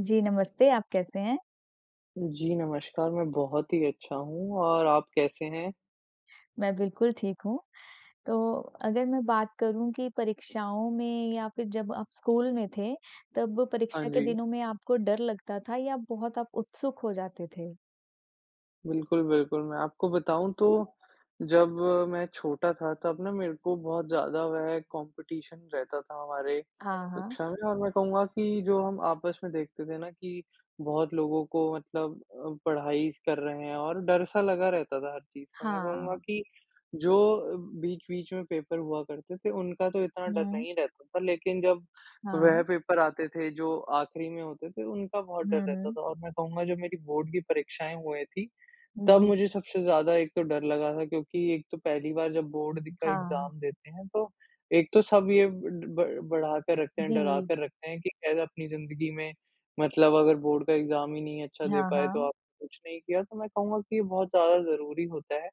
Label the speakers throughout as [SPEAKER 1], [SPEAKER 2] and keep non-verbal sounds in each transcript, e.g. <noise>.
[SPEAKER 1] जी, नमस्ते आप कैसे हैं?
[SPEAKER 2] जी, नमस्कार मैं बहुत ही अच्छा हूँ और आप कैसे हैं?
[SPEAKER 1] मैं बिल्कुल ठीक हूँ। तो अगर मैं बात करूँ कि परीक्षाओं में या फिर जब आप स्कूल में थे, तब
[SPEAKER 2] हाँ
[SPEAKER 1] परीक्षा के
[SPEAKER 2] जी।
[SPEAKER 1] दिनों में आपको डर लगता था या बहुत आप उत्सुक हो जाते थे?
[SPEAKER 2] बिल्कुल, बिल्कुल। मैं आपको बताऊँ तो, जब मैं छोटा था तब ना मेरे को बहुत ज़्यादा वह कॉम्पिटीशन रहता था हमारे
[SPEAKER 1] हाँ, हाँ।
[SPEAKER 2] कक्षा में और मैं कहूँगा कि जो हम आपस में देखते थे ना कि बहुत लोगों को मतलब अ, पढ़ाई स कर रहे हैं और डर सा लगा रहता था हर चीज़ का। मैं कहूँगा
[SPEAKER 1] हाँ।
[SPEAKER 2] कि, जो अ, बीच-बीच में पेपर हुआ करते थे, उनका तो इतना डर
[SPEAKER 1] हुँ।
[SPEAKER 2] नहीं रहता था लेकिन जब वह
[SPEAKER 1] हाँ।
[SPEAKER 2] पेपर आते थे जो आखिरी में होते थे, उनका बहुत डर
[SPEAKER 1] हुँ,
[SPEAKER 2] रहता
[SPEAKER 1] हुँ।
[SPEAKER 2] था। और मैं कहूँगा जो मेरी बोर्ड की परीक्षाएँ हुए थीं, तब
[SPEAKER 1] जी।
[SPEAKER 2] मुझे सबसे ज़्यादा एक तो डर लगा था क्योंकि एक तो पहली बार जब बोर्ड दी का
[SPEAKER 1] हाँ।
[SPEAKER 2] एग्ज़ाम देते हैं तो एक तो सब ये ब ब बढ़ाकर रखते हैं, डरा
[SPEAKER 1] जी।
[SPEAKER 2] कर रखते हैं कि कैसे अपनी ज़िंदगी में, मतलब अगर बोर्ड का एग्ज़ाम ही नहीं अच्छा दे
[SPEAKER 1] हाँ,
[SPEAKER 2] पाए तो
[SPEAKER 1] हाँ।
[SPEAKER 2] आपने कुछ नहीं किया। तो मैं कहूँगा कि ये बहुत ज़्यादा ज़रूरी होता है,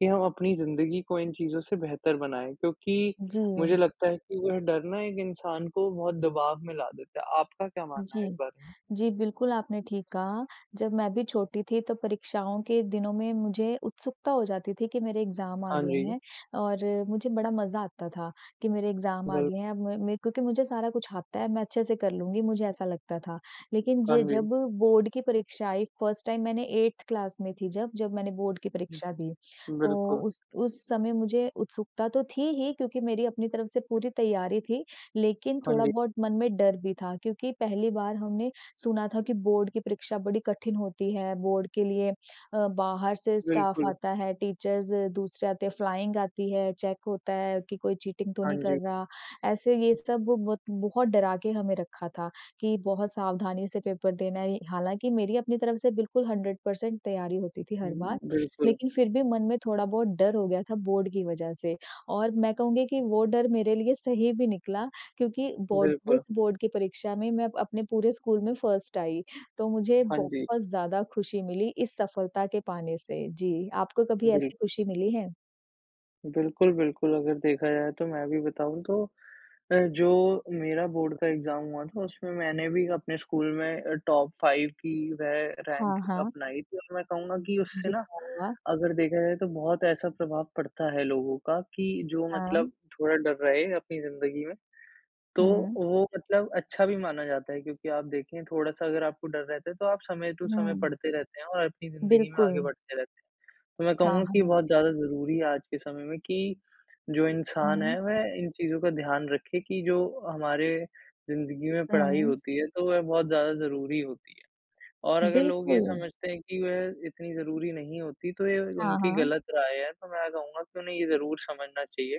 [SPEAKER 2] कि हम अपनी ज़िंदगी को इन चीज़ों से बेहतर बनाएँ क्योंकि मुझे
[SPEAKER 1] जी।
[SPEAKER 2] लगता है कि वो डर ना एक इंसान को बहुत दबाव में ला देता है। आपका क्या मानना है इस
[SPEAKER 1] जी।
[SPEAKER 2] बारे में?
[SPEAKER 1] जी बिल्कुल, आपने ठीक कहा। जब मैं भी छोटी थी तो परीक्षाओं के दिनों में मुझे उत्सुकता हो जाती थी कि मेरे एग्ज़ाम आ
[SPEAKER 2] हाँ
[SPEAKER 1] गए
[SPEAKER 2] जी।
[SPEAKER 1] हैं और मुझे बड़ा मज़ा आता था, कि मेरे एग्ज़ाम आ
[SPEAKER 2] बिल
[SPEAKER 1] गए हैं, अब मेैं मैं क्योंकि मुझे सारा कुछ आता है, मैं अच्छे से कर लूँगी, मुझे ऐसा लगता था। लेकिन
[SPEAKER 2] हाँ
[SPEAKER 1] ज
[SPEAKER 2] जी।
[SPEAKER 1] जब बोर्ड की परीक्षा आई 1st टाइम मैंने 8th क्लास में थी जब जब मैंने बोर्ड की परीक्षा दिए।
[SPEAKER 2] हुँ।
[SPEAKER 1] तो
[SPEAKER 2] बिल्कुल।
[SPEAKER 1] उस उस समय मुझे उत्सुकता तो थी ही क्योंकि मेरी अपनी तरफ से पूरी तैयारी थी, लेकिन
[SPEAKER 2] हाँ
[SPEAKER 1] थोड़ा
[SPEAKER 2] जी।
[SPEAKER 1] बहुत मन में डर भी था क्योंकि पहली बार हमने सुना था कि बोर्ड की परीक्षा बड़ी कठिन होती है, बोर्ड के लिए अ, बाहर से स्टाफ़
[SPEAKER 2] बिल्कुल।
[SPEAKER 1] आता है, टीचर्स दूसरे आते हैं। फ़्लाइंग आती है, चेक होता है कि कोई चीटिंग तो
[SPEAKER 2] हाँ
[SPEAKER 1] नहीं कर
[SPEAKER 2] जी।
[SPEAKER 1] रहा। ऐसे ये सब बत बहुत डरा के हमें रखा था कि बहुत सावधानी से पेपर देना है। हालाँकि मेरी अपनी तरफ से बिल्कुल 100% तैयारी होती थी हर
[SPEAKER 2] हुँ,
[SPEAKER 1] बार,
[SPEAKER 2] बिल्कुल।
[SPEAKER 1] लेकिन फिर भी मन में थोड़ा बहुत डर हो गया था बोर्ड की वज़ह से और मैं कहूँगी कि वो डर मेरे लिए सही भी निकला क्योंकि बोर्ड
[SPEAKER 2] बिल्कुल।
[SPEAKER 1] उस बोर्ड की परीक्षा में मैं अपने पूरे स्कूल में 1st आई तो मुझे
[SPEAKER 2] हाँ जी।
[SPEAKER 1] बहुत ज़्यादा खुशी मिली इस सफलता के पाने से। जी। आपको कभी ऐसी
[SPEAKER 2] बिल्कुल।
[SPEAKER 1] खुशी मिली है?
[SPEAKER 2] बिल्कुल, बिल्कुल। अगर देखा जाए तो, मैं भी बताऊँ तो अ, जो मेरा बोर्ड का एग्ज़ाम हुआ था, उसमें मैंने भी अपने स्कूल में अ, टॉप 5 की रे
[SPEAKER 1] हाँ,
[SPEAKER 2] रैंक
[SPEAKER 1] हाँ।
[SPEAKER 2] अपनाई थी, और मैं कहूँगा कि उससे
[SPEAKER 1] जी,
[SPEAKER 2] ना,
[SPEAKER 1] वाह वाह!
[SPEAKER 2] अगर देखा जाए तो बहुत ऐसा प्रभाव पड़ता है, लोगों का, कि जो मतलब
[SPEAKER 1] हाँ।
[SPEAKER 2] थोड़ा डर रहे अपनी ज़िंदगी में। तो
[SPEAKER 1] हुँ।
[SPEAKER 2] वो मतलब अच्छा भी माना जाता है, क्योंकि आप देखिए थोड़ा-सा अगर आपको डर रहता है, तो आप समय टू समय
[SPEAKER 1] हुँ।
[SPEAKER 2] पढ़ते रहते हैं और अपनी ज़िंदगी में आगे
[SPEAKER 1] बिल्कुल।
[SPEAKER 2] बढ़ते रहते हैं। तो मैं
[SPEAKER 1] हाँ,
[SPEAKER 2] कहूँगा कि
[SPEAKER 1] हाँ।
[SPEAKER 2] बहुत ज़्यादा ज़रूरी है आज के समय में, कि जो इंसान
[SPEAKER 1] हुँ।
[SPEAKER 2] है वह इन चीज़ों का ध्यान रखे कि जो हमारे ज़िंदगी में पढ़ाई
[SPEAKER 1] हुँ।
[SPEAKER 2] होती है, तो वह बहुत ज़्यादा ज़रूरी होती है। और अगर लोग ये
[SPEAKER 1] बिल्कुल।
[SPEAKER 2] समझते हैं कि वह इतनी ज़रूरी नहीं होती, तो ये
[SPEAKER 1] हाँ,
[SPEAKER 2] उनकी
[SPEAKER 1] हाँ।
[SPEAKER 2] गलत राय है, तो मैं कहूँगा कि उन्हें ये ज़रूर समझना चाहिए,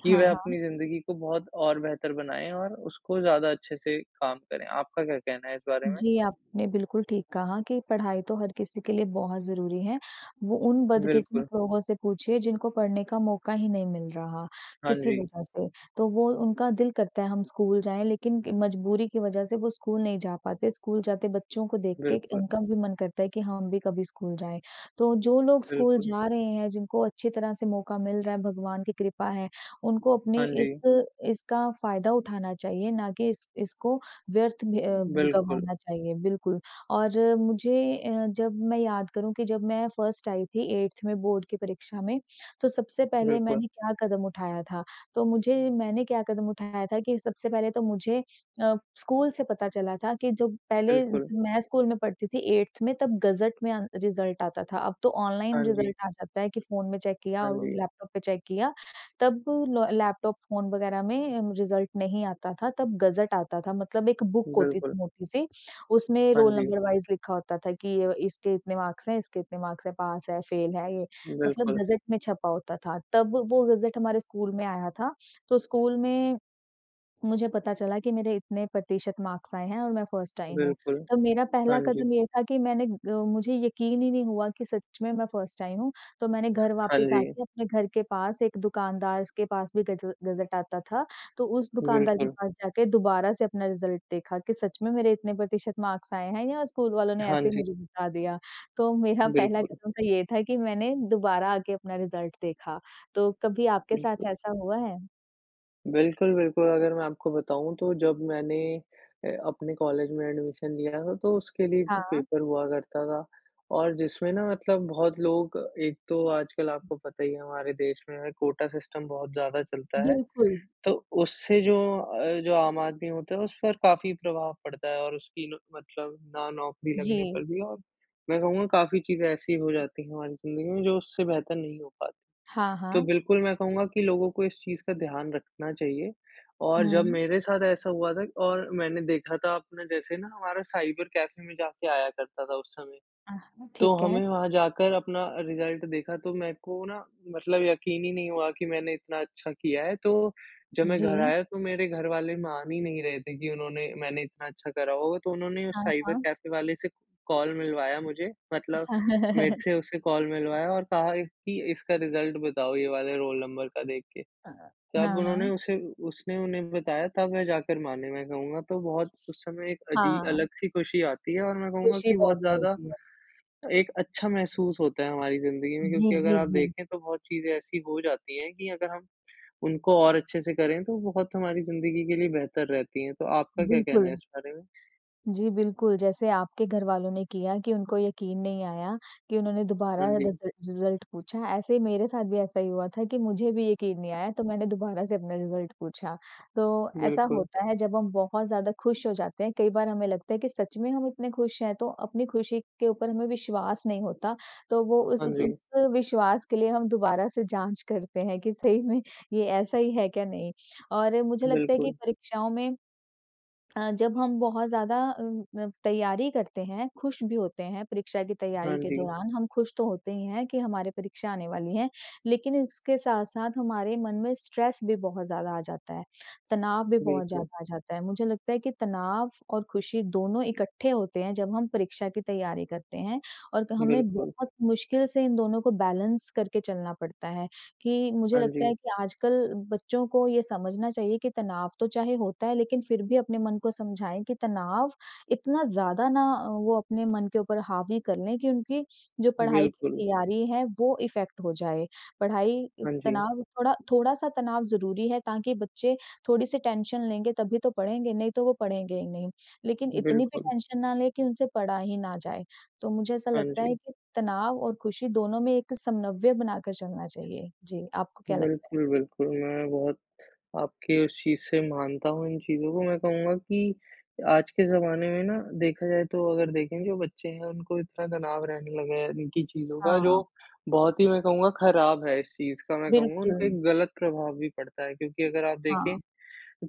[SPEAKER 2] कि
[SPEAKER 1] हाँ,
[SPEAKER 2] वह
[SPEAKER 1] हाँ।
[SPEAKER 2] अपनी ज़िंदगी को बहुत और बेहतर बनाए और उसको ज़्यादा अच्छे से काम करें। आपका क्या कहना है इस बारे में?
[SPEAKER 1] जी, आपने बिल्कुल ठीक कहा कि पढ़ाई तो हर किसी के लिए बहुत ज़रूरी है। वो उन बदकिस्मत
[SPEAKER 2] बिल्कुल।
[SPEAKER 1] लोगों से पूछिए जिनको पढ़ने का मौका ही नहीं मिल रहा,
[SPEAKER 2] हाँ
[SPEAKER 1] किसी
[SPEAKER 2] जी।
[SPEAKER 1] वज़ह से। तो वो उनका दिल करता है, हम स्कूल जाएँ। लेकिन मजबूरी की वज़ह से वो स्कूल नहीं जा पाते, स्कूल जाते बच्चों को देख के
[SPEAKER 2] बिल्कुल।
[SPEAKER 1] इनका भी मन करता है, कि हम भी कभी स्कूल जाएँ। तो जो लोग स्कूल
[SPEAKER 2] बिल्कुल।
[SPEAKER 1] जा रहे हैं, जिनको अच्छी तरह से मौका मिल रहा है, भगवान की कृपा है। उनको अपने
[SPEAKER 2] हाँ
[SPEAKER 1] इस
[SPEAKER 2] जी।
[SPEAKER 1] इसका फ़ायदा उठाना चाहिए, ना कि इस इसको व्यर्थ में अ,
[SPEAKER 2] उ,
[SPEAKER 1] ग
[SPEAKER 2] बिल्कुल।
[SPEAKER 1] गंवाना चाहिए, बिल्कुल। और मुझे अ, जब मैं याद करूँ कि जब मैं फर्स्ट आई थी 8th में बोर्ड की परीक्षा में। तो सबसे पहले
[SPEAKER 2] बिल्कुल।
[SPEAKER 1] मैंने क्या कदम उठाया था। तो मुझे मैंने क्या कदम उठाया था कि सबसे पहले तो मुझे अ, स्कूल से पता चला था कि जब पहले
[SPEAKER 2] बिल्कुल।
[SPEAKER 1] जब मैं स्कूल में पढ़ती थी 8th में। तब गज़ट में अन रिज़ल्ट आता था। अब तो ऑनलाइन
[SPEAKER 2] हाँ जी।
[SPEAKER 1] रिज़ल्ट आ जाता है, कि फ़ोन में चेक किया
[SPEAKER 2] हाँ
[SPEAKER 1] और
[SPEAKER 2] जी।
[SPEAKER 1] लैपटॉप पे चेक किया, तब ल लैपटॉप, फ़ोन वग़ैरह में रिज़ल्ट नहीं आता था, तब गज़ट आता था। मतलब एक बुक होती थी
[SPEAKER 2] बिल्कुल।
[SPEAKER 1] मोटी-सी, उसमें
[SPEAKER 2] हाँ
[SPEAKER 1] रोल
[SPEAKER 2] जी।
[SPEAKER 1] नंबर वाइस लिखा होता था कि अ, इसके इतने मार्क्स हैं, इसके इतने मार्क्स हैं, पास है, फ़ेल है ये। मतलब
[SPEAKER 2] बिल्कुल।
[SPEAKER 1] गज़ट में छपा होता था। तब व वो गज़ट हमारे स्कूल में आया था। तो स्कूल में, मुझे पता चला कि मेरे इतने प्रतिशत मार्क्स आए हैं और मैं फर्स्ट आई हूँ।
[SPEAKER 2] बिल्कुल।
[SPEAKER 1] तो मेरा
[SPEAKER 2] हाँ,
[SPEAKER 1] पहला
[SPEAKER 2] जी।
[SPEAKER 1] कदम ये था कि मैंने अ, मुझे यकीन ही नहीं हुआ कि सच में, मैं फर्स्ट आई हूँ। तो मैंने घर
[SPEAKER 2] हाँ,
[SPEAKER 1] वापस
[SPEAKER 2] जी।
[SPEAKER 1] आके अपने घर के पास एक दुकानदार स के पास भी गज़ गज़ट आता था। तो उस दुकानदार के
[SPEAKER 2] बिल्कुल।
[SPEAKER 1] पास जाके दोबारा से अपना रिज़ल्ट देखा, कि सच में मेरे इतने प्रतिशत मार्क्स आए हैं, या स्कूल वालों ने
[SPEAKER 2] हाँ,
[SPEAKER 1] ऐसे ही
[SPEAKER 2] जी।
[SPEAKER 1] मुझे बता दिया। तो मेरा पहला
[SPEAKER 2] बिल्कुल।
[SPEAKER 1] कदम तो ये था कि मैंने दोबारा आके अपना रिज़ल्ट देखा। तो कभी आपके साथ
[SPEAKER 2] बिल्कुल।
[SPEAKER 1] ऐसा हुआ है?
[SPEAKER 2] बिल्कुल, बिल्कुल अगर मैं आपको बताऊँ तो जब मैंने अ, अपने कॉलेज में एडमिशन लिया था तो उसके लिए भी
[SPEAKER 1] हाँ।
[SPEAKER 2] पेपर हुआ करता था और जिसमें ना मतलब बहुत लोग एक तो आज कल आपको पता ही है हमारे देश में कोटा सिस्टम बहुत ज़्यादा चलता है।
[SPEAKER 1] बिल्कुल।
[SPEAKER 2] तो उससे जो अ, जो आम आदमी होता है उस पर काफ़ी प्रभाव पड़ता है और उसकी न मतलब ना नौकरी लगने
[SPEAKER 1] जी।
[SPEAKER 2] पर भी और मैं कहूँगा काफ़ी चीज़ें ऐसी हो जाती हैं, हमारी ज़िंदगी में जो उससे बेहतर नहीं हो पाती।
[SPEAKER 1] हाँ,
[SPEAKER 2] तो
[SPEAKER 1] हाँ।
[SPEAKER 2] बिल्कुल मैं कहूँगा कि लोगों को इस चीज़ का ध्यान रखना चाहिए और जब
[SPEAKER 1] हुँ।
[SPEAKER 2] मेरे साथ ऐसा हुआ था और मैंने देखा था अपने जैसे ना हमारा साइबर कैफ़े में जाके आया करता था उस समय।
[SPEAKER 1] हाँ,
[SPEAKER 2] तो
[SPEAKER 1] ठीक है।
[SPEAKER 2] हमें वहाँ जाकर अपना रिजल्ट देखा तो मेरे को ना मतलब यक़ीन ही नहीं हुआ कि मैंने इतना अच्छा किया है, तो जब मैं घर
[SPEAKER 1] जी।
[SPEAKER 2] आया तो मेरे घर वाले मान ही नहीं रहे थे कि उन्होंने मैंने इतना अच्छा करा होगा। तो उन्होंने उस
[SPEAKER 1] हाँ,
[SPEAKER 2] साइबर
[SPEAKER 1] हाँ।
[SPEAKER 2] कैफ़े वाले से कॉल मिलवाया मुझे मतलब मेरे
[SPEAKER 1] <chuckles>
[SPEAKER 2] से उसे कॉल मिलवाया और कहा एक कि इसका रिजल्ट बताओ ये वाले रोल नंबर का देख के।
[SPEAKER 1] हाँ,
[SPEAKER 2] तब उन्होंने
[SPEAKER 1] हाँ।
[SPEAKER 2] उसे उसने उन्हें बताया तब वह जाकर माने मैं कहूँगा तो बहुत उस समय एक अजीब
[SPEAKER 1] हाँ।
[SPEAKER 2] अलग सी खुशी आती है और मैं कहूँगा
[SPEAKER 1] खुशी
[SPEAKER 2] कि बहुत
[SPEAKER 1] बहुत
[SPEAKER 2] ज़्यादा,
[SPEAKER 1] मिलती है।
[SPEAKER 2] एक अच्छा महसूस होता है हमारी ज़िंदगी में,
[SPEAKER 1] जी,
[SPEAKER 2] क्योंकि अगर
[SPEAKER 1] जी,
[SPEAKER 2] आप
[SPEAKER 1] जी।
[SPEAKER 2] देखें तो बहुत चीज़ें ऐसी हो जाती हैं, कि अगर हम उनको और अच्छे से करें तो बहुत हमारी ज़िंदगी के लिए बेहतर रहती हैं। तो आपका क्या कहना
[SPEAKER 1] बिल्कुल।
[SPEAKER 2] है इस बारे में?
[SPEAKER 1] जी, बिल्कुल जैसे आपके घरवालों ने किया कि उनको यक़ीन नहीं आया कि उन्होंने
[SPEAKER 2] हाँ
[SPEAKER 1] दोबारा रिज़
[SPEAKER 2] जी।
[SPEAKER 1] रिज़ल्ट पूछा ऐसे ही मेरे साथ भी ऐसा ही हुआ था कि मुझे भी यक़ीन नहीं आया तो मैंने दोबारा से अपना रिज़ल्ट पूछा। तो ऐसा
[SPEAKER 2] बिल्कुल।
[SPEAKER 1] होता है जब हम बहुत ज़्यादा खुश हो जाते हैं, कई बार हमें लगता है कि सच में हम इतने खुश हैं तो अपनी खुशी के ऊपर हमें विश्वास नहीं होता। तो वो उस
[SPEAKER 2] हाँ
[SPEAKER 1] उस
[SPEAKER 2] जी।
[SPEAKER 1] उस विश्वास के लिए हम दोबारा से जाँच करते हैं कि सही में ये ऐसा ही है क्या नहीं। और मुझे लगता है कि
[SPEAKER 2] बिल्कुल।
[SPEAKER 1] परीक्षाओं में अ, जब हम बहुत ज़्यादा अ अ, तैयारी करते हैं, खुश भी होते हैं परीक्षा की तैयारी
[SPEAKER 2] हाँ
[SPEAKER 1] के
[SPEAKER 2] जी।
[SPEAKER 1] दौरान हम खुश तो होते ही हैं कि हमारी परीक्षा आने वाली हैं, लेकिन इसके साथ-साथ हमारे मन में स्ट्रेस भी बहुत ज़्यादा आ जाता है। तनाव भी बहुत
[SPEAKER 2] बिल्कुल।
[SPEAKER 1] ज़्यादा आ जाता है, मुझे लगता है कि तनाव और खुशी दोनों इकट्ठे होते हैं, जब हम परीक्षा की तैयारी करते हैं और क हमें
[SPEAKER 2] बिल्कुल।
[SPEAKER 1] बहुत मुश्किल से इन दोनों को बैलेंस करके चलना पड़ता है, कि मुझे
[SPEAKER 2] हाँ
[SPEAKER 1] लगता है
[SPEAKER 2] जी।
[SPEAKER 1] कि आजकल बच्चों को ये समझना चाहिए कि तनाव तो चाहे होता है, लेकिन फिर भी अपने मन को समझाएँ कि तनाव इतना ज़्यादा ना वो अपने मन के ऊपर हावी कर लें कि उनकी, जो पढ़ाई की
[SPEAKER 2] बिल्कुल।
[SPEAKER 1] तैयारी है वो इफेक्ट हो जाए। पढ़ाई
[SPEAKER 2] हाँ जी।
[SPEAKER 1] तनाव, थोड़ा थोड़ा सा तनाव ज़रूरी है ताकि बच्चे थोड़ी-सी टेंशन लेंगे तभी तो पढ़ेंगे, नहीं तो वो पढ़ेंगे ही नहीं। लेकिन इतनी भी
[SPEAKER 2] बिल्कुल।
[SPEAKER 1] टेंशन ना लें कि उनसे पढ़ा ही ना जाए, तो मुझे ऐसा
[SPEAKER 2] हाँ
[SPEAKER 1] लगता है
[SPEAKER 2] जी।
[SPEAKER 1] कि तनाव और खुशी दोनों में एक समन्वय बना कर चलना चाहिए। जी, आपको क्या लगता है?
[SPEAKER 2] बिल्कुल, बिल्कुल मैं बहुत आपके उस चीज़ से मानता हूँ इन चीज़ों को मैं कहूँगा कि आज के ज़माने में ना देखा जाए तो अगर देखें जो बच्चे हैं उनको इतना तनाव रहने लगा है, इनकी चीजों का जो
[SPEAKER 1] हाँ।
[SPEAKER 2] बहुत ही मैं कहूँगा खराब है इस चीज़ का, मैं कहूँगा उनका
[SPEAKER 1] बिल्कुल।
[SPEAKER 2] एक गलत प्रभाव भी पड़ता है। क्योंकि अगर आप देखेें
[SPEAKER 1] हाँ।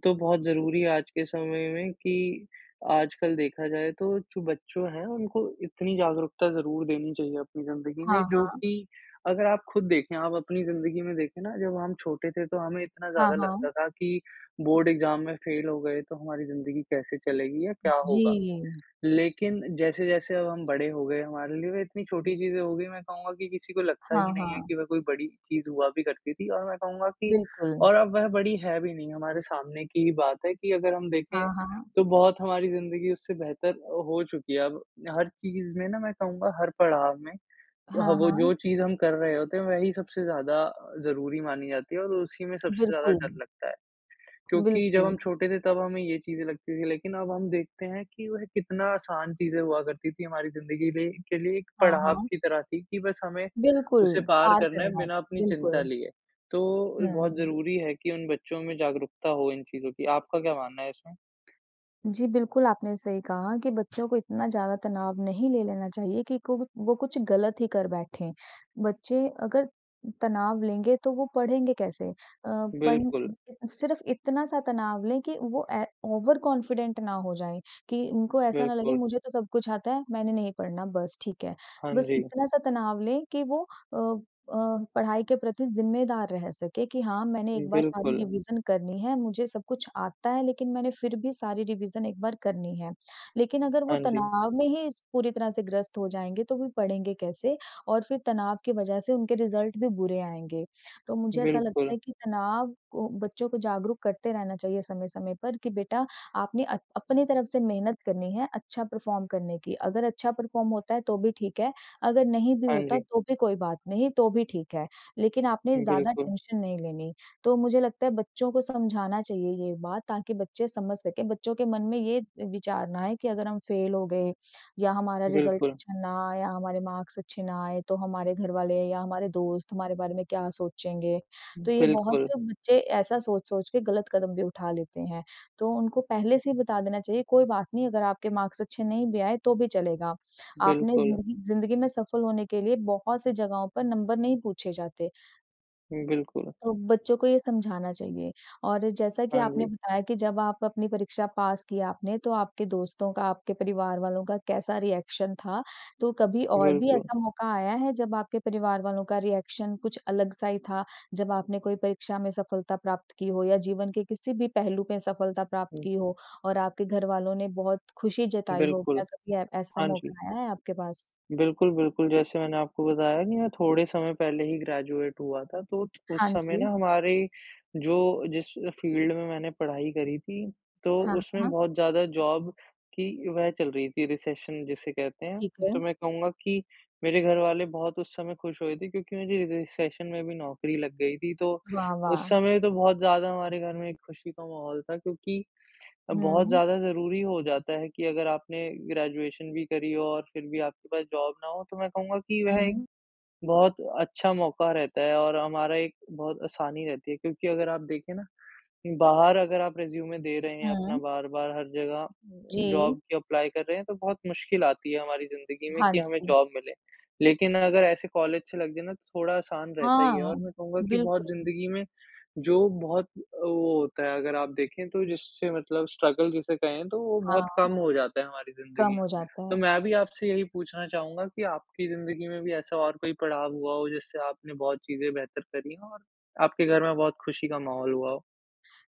[SPEAKER 2] तो बहुत ज़रूरी है आज के समय में कि आजकल देखा जाए तो चू बच्चों है उनको इतनी जागरूकता ज़रूर देनी चाहिए अपनी ज़िंदगी में,
[SPEAKER 1] हाँ,
[SPEAKER 2] जो
[SPEAKER 1] हाँ।
[SPEAKER 2] कि अगर आप खुद देखें, आप अपनी ज़िंदगी में देखें ना जब हम छोटे थे, तो हमें इतना
[SPEAKER 1] हाँ,
[SPEAKER 2] ज़्यादा
[SPEAKER 1] हाँ।
[SPEAKER 2] लगता था कि बोर्ड एग्ज़ाम में फेल हो गए तो हमारी ज़िंदगी कैसे चलेगी या क्या होगा?
[SPEAKER 1] जी।
[SPEAKER 2] लेकिन जैसे-जैसे अब हम बड़े हो गए हमारे लिए वह इतनी छोटी चीज़ें हो गई मैं कहूँगा कि किसी को लगता ही
[SPEAKER 1] हाँ,
[SPEAKER 2] नहीं है
[SPEAKER 1] हाँ।
[SPEAKER 2] कि वह कोई बड़ी चीज़ हुआ भी करती थी। और मैं कहूँगा कि
[SPEAKER 1] बिल्कुल।
[SPEAKER 2] और अब वह बड़ी है भी नहीं हमारे सामने की ही बात है, कि अगर हम देखें
[SPEAKER 1] हाँ, हाँ।
[SPEAKER 2] तो बहुत हमारी ज़िंदगी उससे बेहतर ओ हो चुकी है। अब हर चीज़ में ना मैं कहूँगा हर पड़ाव में वह
[SPEAKER 1] हाँ,
[SPEAKER 2] वो
[SPEAKER 1] हाँ।
[SPEAKER 2] जो चीज़ हम कर रहे होते हैं वह ही सबसे ज़्यादा ज़रूरी मानी जाती है और उसी में सबसे ज़्यादा डर
[SPEAKER 1] बिल्कुल।
[SPEAKER 2] लगता है। क्योंकि जब हम
[SPEAKER 1] बिल्कुल।
[SPEAKER 2] छोटे थे तब हमें ये चीज़ें लगती थी लेकिन अब हम देखते हैं कि वह कितना आसान चीज़ें हुआ करती थी हमारी ज़िंदगी दे लिए के लिए एक
[SPEAKER 1] हाँ,
[SPEAKER 2] पड़ाव
[SPEAKER 1] हाँ।
[SPEAKER 2] की तरह थी कि बस हमें
[SPEAKER 1] बिल्कुल।
[SPEAKER 2] उसे पार
[SPEAKER 1] पार
[SPEAKER 2] करना है
[SPEAKER 1] करना है,
[SPEAKER 2] बिना अपनी चिंता
[SPEAKER 1] बिल्कुल।
[SPEAKER 2] लिए। तो बहुत
[SPEAKER 1] हुँ।
[SPEAKER 2] ज़रूरी है कि उन बच्चों में जागरूकता हो इन चीज़ों की। आपका क्या मानना है इसमें?
[SPEAKER 1] जी, बिल्कुल आपने सही कहा कि बच्चों को इतना ज़्यादा तनाव नहीं ले लेना चाहिए कि कोव वो कुछ गलत ही कर बैठे। बच्चे अगर तनाव लेंगे तो वो पढ़ेंगे कैसे? अ, पढ़
[SPEAKER 2] बिल्कुल।
[SPEAKER 1] <unintelligible> सिर्फ़ इतना-सा तनाव लें कि वो ए ओवर कॉन्फिडेंट ना हो जाएँ कि उनको ऐसा ना लगे
[SPEAKER 2] बिल्कुल।
[SPEAKER 1] मुझे तो सब कुछ आता है, मैंने नहीं पढ़ना बस ठीक है।
[SPEAKER 2] हाँ
[SPEAKER 1] बस
[SPEAKER 2] जी।
[SPEAKER 1] इतना-सा तनाव लें कि वो अ अ, पढ़ाई के प्रति ज़िम्मेदार रह सके कि हाँ, मैंने एक बार सारी
[SPEAKER 2] बिल्कुल।
[SPEAKER 1] रिवीज़न करनी है, मुझे सब कुछ आता है लेकिन मैंने फिर भी सारी रिवीज़न एक बार करनी है। लेकिन अगर वो
[SPEAKER 2] हाँ जी।
[SPEAKER 1] तनाव में ही इस पूरी तरह से ग्रस्त हो जाएँगे तो फिर पढ़ेंगे कैसे और फिर तनाव की वजह से उनके रिज़ल्ट भी बुरे आएँगे। तो मुझे ऐसा लगता
[SPEAKER 2] बिल्कुल।
[SPEAKER 1] है कि तनाव को बच्चों को जागरूक करते रहना चाहिए समय-समय पर कि, बेटा आपने अ, अपनी तरफ से मेहनत करनी है अच्छा परफॉर्म करने की। अगर अच्छा परफॉर्म होता है तो भी ठीक है, अगर नहीं भी
[SPEAKER 2] हाँ
[SPEAKER 1] होता
[SPEAKER 2] जी।
[SPEAKER 1] तो भी कोई बात नहीं, तो भी ठीक है, लेकिन आपने ज़्यादा
[SPEAKER 2] बिल्कुल।
[SPEAKER 1] टेंशन नहीं लेनी। तो मुझे लगता है बच्चों को समझाना चाहिए ये बात, ताकि बच्चे समझ सकें बच्चों के मन में ये विचार ना आए कि अगर हम फ़ेल हो गए या हमारा रिज़ल्ट
[SPEAKER 2] बिल्कुल।
[SPEAKER 1] अच्छा ना आया हमारे मार्क्स अच्छे ना आए तो हमारे घरवाले या हमारे दोस्त हमारे बारे में क्या सोचेंगे? तो ये बहुत
[SPEAKER 2] बिल्कुल।
[SPEAKER 1] बच्चे ऐसा सोच-सोच के गलत कदम भी उठा लेते हैं। तो उनको पहले से ही बता देना चाहिए कोई बात नहीं अगर आपके मार्क्स अच्छे नहीं भी आए तो भी चलेगा। आपने
[SPEAKER 2] बिल्कुल।
[SPEAKER 1] ज़िंदगी ज़िंदगी में सफल होने के लिए बहुत सी जगहों पर नंबर नहीं पूछे जाते।
[SPEAKER 2] बिल्कुल।
[SPEAKER 1] तो बच्चों को ये समझाना चाहिए। और जैसा कि
[SPEAKER 2] हाँ,
[SPEAKER 1] आपने
[SPEAKER 2] जी।
[SPEAKER 1] बताया कि जब आप अपनी परीक्षा पास की आपने, तो आपके दोस्तों का, आपके परिवार वालों, का कैसा रिएक्शन था। तो कभी और भी
[SPEAKER 2] बिल्कुल।
[SPEAKER 1] ऐसा मौका आया है? जब आपके परिवार वालों का रिएक्शन कुछ अलग-सा ही था? जब आपने कोई परीक्षा में सफलता प्राप्त की हो? या जीवन के किसी भी पहलू में सफलता प्राप्त
[SPEAKER 2] हुँ।
[SPEAKER 1] की हो और आपके घर वालों ने बहुत खुशी जताई हो? क्या
[SPEAKER 2] बिल्कुल।
[SPEAKER 1] कभी ए ऐसा
[SPEAKER 2] हाँ, जी।
[SPEAKER 1] मौका आया है आपके पास?
[SPEAKER 2] बिल्कुल, बिल्कुल, जैसे मैंने आपको बताया की मैं थोड़े समय पहले ही ग्रेजुएट हुआ था, तो
[SPEAKER 1] हाँ,
[SPEAKER 2] उस समय ना
[SPEAKER 1] जी।
[SPEAKER 2] हमारे, जो जिस फ़ील्ड में मैंने पढ़ाई करी थी, तो
[SPEAKER 1] हाँ,
[SPEAKER 2] उसमें
[SPEAKER 1] हाँ।
[SPEAKER 2] बहुत ज़्यादा जॉब की वह चल रही थी रिसेशन जिसे कहते
[SPEAKER 1] ठीक
[SPEAKER 2] हैं।
[SPEAKER 1] है।
[SPEAKER 2] तो मैं कहूँगा की मेरे घर वाले बहुत उस समय खुश हुए थे, क्योंकि मुझे रि रिसेशन में भी नौकरी लग गई थी। तो
[SPEAKER 1] वाह
[SPEAKER 2] उस
[SPEAKER 1] वाह!
[SPEAKER 2] समय तो बहुत ज़्यादा हमारे घर में खुशी का माहौल था। क्योंकि, बहुत
[SPEAKER 1] हुँ।
[SPEAKER 2] ज़्यादा ज़रूरी हो जाता है कि अगर आपने ग्रेजुएशन भी करी और फिर भी आपके पास जॉब ना हो। तो मैं कहूँगा कि वह एक
[SPEAKER 1] हुँ।
[SPEAKER 2] बहुत अच्छा मौका रहता है और हमारा एक बहुत आसानी रहती है, क्योंकि अगर आप देखे ना, बाहर अगर आप रेज़्यूमे दे रहे हैं, अपना
[SPEAKER 1] हुँ।
[SPEAKER 2] बार-बार हर ज़गह,
[SPEAKER 1] जी।
[SPEAKER 2] जॉब के एप्लाई कर रहे हैं, तो बहुत मुश्किल आती है हमारी ज़िंदगी में,
[SPEAKER 1] हाँ,
[SPEAKER 2] कि हमें
[SPEAKER 1] जी।
[SPEAKER 2] जॉब मिले। लेकिन अगर ऐसे कॉलेज से लग जाए ना, तो थोड़ा आसान रहता
[SPEAKER 1] हाँ,
[SPEAKER 2] ही है
[SPEAKER 1] हाँ।
[SPEAKER 2] और मैं कहूँगा की बहुत
[SPEAKER 1] बिल्कुल।
[SPEAKER 2] ज़िंदगी में, जो बहुत ओ, होता है, अगर आप देखें तो जिससे मतलब स्ट्रगल जिसे कहें, तो वो बहुत
[SPEAKER 1] हाँ।
[SPEAKER 2] कम हो जाता है हमारी
[SPEAKER 1] कम
[SPEAKER 2] ज़िंदगी में,
[SPEAKER 1] हो जाता
[SPEAKER 2] तो
[SPEAKER 1] है।
[SPEAKER 2] मैं भी आपसे यही पूछना चाहूँगा कि आपकी ज़िंदगी में भी ऐसा और कोई पड़ाव हुआ हो, जिससे आपने बहुत चीज़े बेहतर करी हों और आपके घर में बहुत खुशी का माहौल हुआ हो?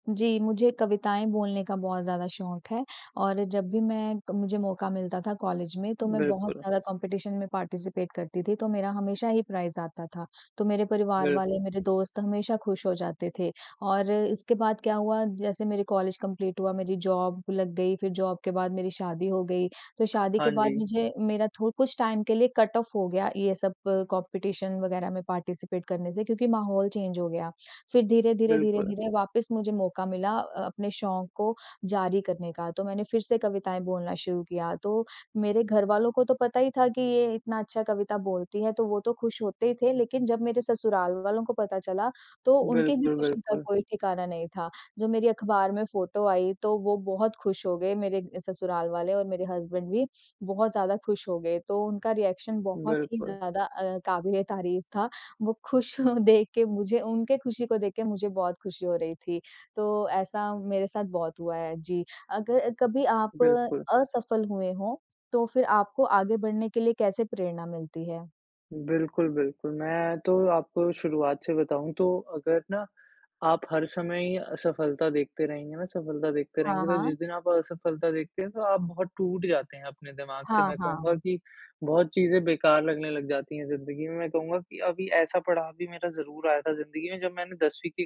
[SPEAKER 1] जी, मुझे कविताएँ बोलने का बहुत ज़्यादा शौक है। और जब भी मैं मुझे मौका मिलता था कॉलेज में तो मैं बहुत
[SPEAKER 2] बिल्कुल।
[SPEAKER 1] ज़्यादा कॉम्पिटिशन में पार्टिसिपेट करती थी तो मेरा हमेशा ही प्राइज़ आता था। तो मेरे परिवार वाले
[SPEAKER 2] बिल्कुल।
[SPEAKER 1] मेरे दोस्त हमेशा खुश हो जाते थे। और इसके बाद क्या हुआ जैसे मेरे कॉलेज कंप्लीट हुआ, मेरी जॉब लग गई, फिर जॉब के बाद मेरी शादी हो गई। तो शादी
[SPEAKER 2] हाँ
[SPEAKER 1] के बाद
[SPEAKER 2] जी।
[SPEAKER 1] मुझे मेरा थो कुछ टाइम के लिए कट ऑफ हो गया ये सब कॉम्पिटिशन वग़ैरह में पार्टिसिपेट करने से क्योंकि माहौल चेंज हो गया। फिर धीरे-धीरे,
[SPEAKER 2] बिल्कुल।
[SPEAKER 1] धीरे-धीरे वापस मुझे मौका मिला अ, अपने शौक को जारी करने का। तो मैंने फिर से कविताएँ बोलना शुरू किया। तो मेरे घरवालों को तो पता ही था कि ये इतना अच्छा कविता बोलती है तो वो तो खुश होते ही थे। लेकिन जब मेरे ससुराल वालों को पता चला तो उनकी भी
[SPEAKER 2] बिल्कुल,
[SPEAKER 1] खुशी का
[SPEAKER 2] बिल्कुल।
[SPEAKER 1] कोई ठिकाना नहीं था। जो मेरी अखबार में फ़ोटो आई तो वो बहुत खुश हो गए मेरे ससुराल वाले और मेरे हसबैंड भी बहुत ज़्यादा खुश हो गए। तो उनका रिएक्शन बहुत ही
[SPEAKER 2] बिल्कुल।
[SPEAKER 1] ज़्यादा अ, क़ाबिल-ए-तारीफ़ था। वो खुश देख के मुझे उनके खुशी को देख के मुझे बहुत खुशी हो रही थी। तो ऐसा मेरे साथ बहुत हुआ है। जी। अगर कभी आप
[SPEAKER 2] बिल्कुल।
[SPEAKER 1] असफल हुए हों तो फिर आपको आगे बढ़ने के लिए कैसे प्रेरणा मिलती है?
[SPEAKER 2] बिल्कुल, बिल्कुल। मैं तो आपको शुरुआत से बताऊँ, तो अगर ना आप हर समय ही असफलता देखते रहेंगे ना सफलता देखते
[SPEAKER 1] हाँ,
[SPEAKER 2] रहेंगे, तो
[SPEAKER 1] हाँ।
[SPEAKER 2] जिस दिन आप असफलता देखते हैं तो आप बहुत टूट जाते हैं अपने दिमाग से,
[SPEAKER 1] हाँ,
[SPEAKER 2] मैं कहूँगा
[SPEAKER 1] हाँ।
[SPEAKER 2] कि बहुत चीजें बेकार लगने लग जाती हैं जिंदगी में। मैं कहूँगा कि अभी ऐसा पड़ाव भी मेरा ज़रूर आया था जिंदगी में जब मैंने 10वीं की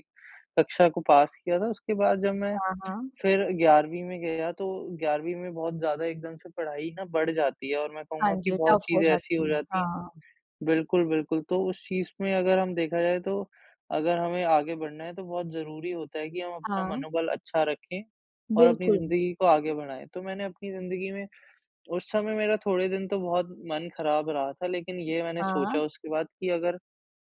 [SPEAKER 2] कक्षा को पास किया था, उसके बाद जब मैं
[SPEAKER 1] हाँ, हाँ।
[SPEAKER 2] फिर 11वीं में गया, तो 11वीं में बहुत ज़्यादा एकदम से पढ़ाई ना बढ़ जाती है। और मैं
[SPEAKER 1] हाँ
[SPEAKER 2] कहूँगा कि
[SPEAKER 1] जी।
[SPEAKER 2] बहुत
[SPEAKER 1] टफ़ हो
[SPEAKER 2] चीज़ें ऐसी हो
[SPEAKER 1] जाती है।
[SPEAKER 2] जाती हैं
[SPEAKER 1] हाँ।
[SPEAKER 2] बिल्कुल, बिल्कुल। तो उस चीज़ में अगर हम देखा जाए तो अगर हमें आगे बढ़ना है तो बहुत ज़रूरी होता है कि हम अपना
[SPEAKER 1] हाँ।
[SPEAKER 2] मनोबल अच्छा रखें और अपनी
[SPEAKER 1] बिल्कुल।
[SPEAKER 2] ज़िंदगी को आगे बढ़ाएँ। तो मैंने अपनी ज़िंदगी में उस समय मेरा थोड़े दिन तो बहुत मन ख़राब रहा था, लेकिन ये मैंने सोचा
[SPEAKER 1] हाँ।
[SPEAKER 2] उसके बाद कि अगर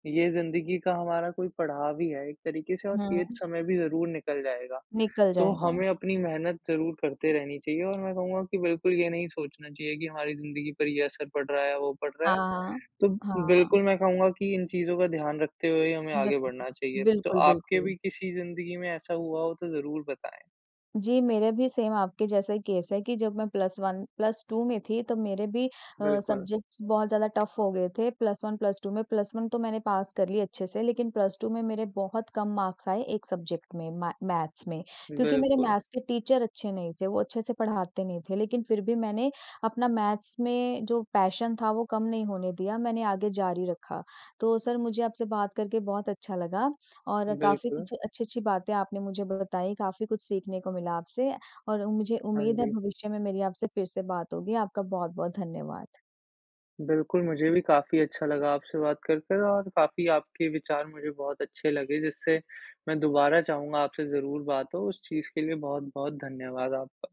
[SPEAKER 2] ये ज़िंदगी का हमारा कोई पढ़ाव ही है एक तरीक़े से और ये
[SPEAKER 1] हुँ।
[SPEAKER 2] समय भी ज़रूर निकल जाएगा।
[SPEAKER 1] निकल
[SPEAKER 2] तो
[SPEAKER 1] जाएगा।
[SPEAKER 2] हमें अपनी मेहनत ज़रूर करते रहनी चाहिए, और मैं कहूँगा कि बिल्कुल ये नहीं सोचना चाहिए कि हमारी ज़िंदगी पर ये असर पड़ रहा है, वो पड़ रहा है।
[SPEAKER 1] हाँ,
[SPEAKER 2] तो
[SPEAKER 1] हाँ। हाँ।
[SPEAKER 2] बिल्कुल मैं कहूँगा कि इन चीज़ों का ध्यान रखते हुए ही हमें आगे
[SPEAKER 1] बिल्क
[SPEAKER 2] बढ़ना चाहिए। तो
[SPEAKER 1] बिल्कुल,
[SPEAKER 2] आपके भी
[SPEAKER 1] बिल्कुल।
[SPEAKER 2] किसी ज़िंदगी में ऐसा हुआ हो तो ज़रूर बताएँ।
[SPEAKER 1] जी, मेरा भी सेम आपके जैसा ही केस है कि जब मैं +1, +2 में थी, तो मेरे भी अ,
[SPEAKER 2] बिल्कुल।
[SPEAKER 1] सब्जेक्ट्स बहुत ज़्यादा टफ़ हो गए थे, +1, +2 में। +1 तो मैंने पास कर ली अच्छे से, लेकिन +2 में मेरे बहुत कम मार्क्स आए एक सब्जेक्ट में, म मैथ्स में, क्योंकि मेरे
[SPEAKER 2] बिल्कुल।
[SPEAKER 1] मैथ्स के टीचर अच्छे नहीं थे, वो अच्छे से पढ़ाते नहीं थे। लेकिन फिर भी मैंने अपना मैथ्स में जो पैशन था, वो कम नहीं होने दिया, मैंने आगे जारी रखा। तो सर, मुझे आपसे बात करके बहुत अच्छा लगा, और काफ़ी
[SPEAKER 2] बिल्कुल।
[SPEAKER 1] कुछ अच्छी-अच्छी बातें आपने मुझे बताईं, काफ़ी कुछ सीखने को मिला आपसे, और मुझे
[SPEAKER 2] हाँ
[SPEAKER 1] उम्मीद है
[SPEAKER 2] जी।
[SPEAKER 1] भविष्य में मेरी आपसे फिर से बात होगी। आपका बहुत-बहुत धन्यवाद।
[SPEAKER 2] बिल्कुल, मुझे भी काफ़ी अच्छा लगा आपसे बात कर कर, और काफ़ी आपके विचार मुझे बहुत अच्छे लगे, जिससे मैं दोबारा चाहूँगा आपसे ज़रूर बात हो। उस चीज़ के लिए बहुत-बहुत धन्यवाद आपका।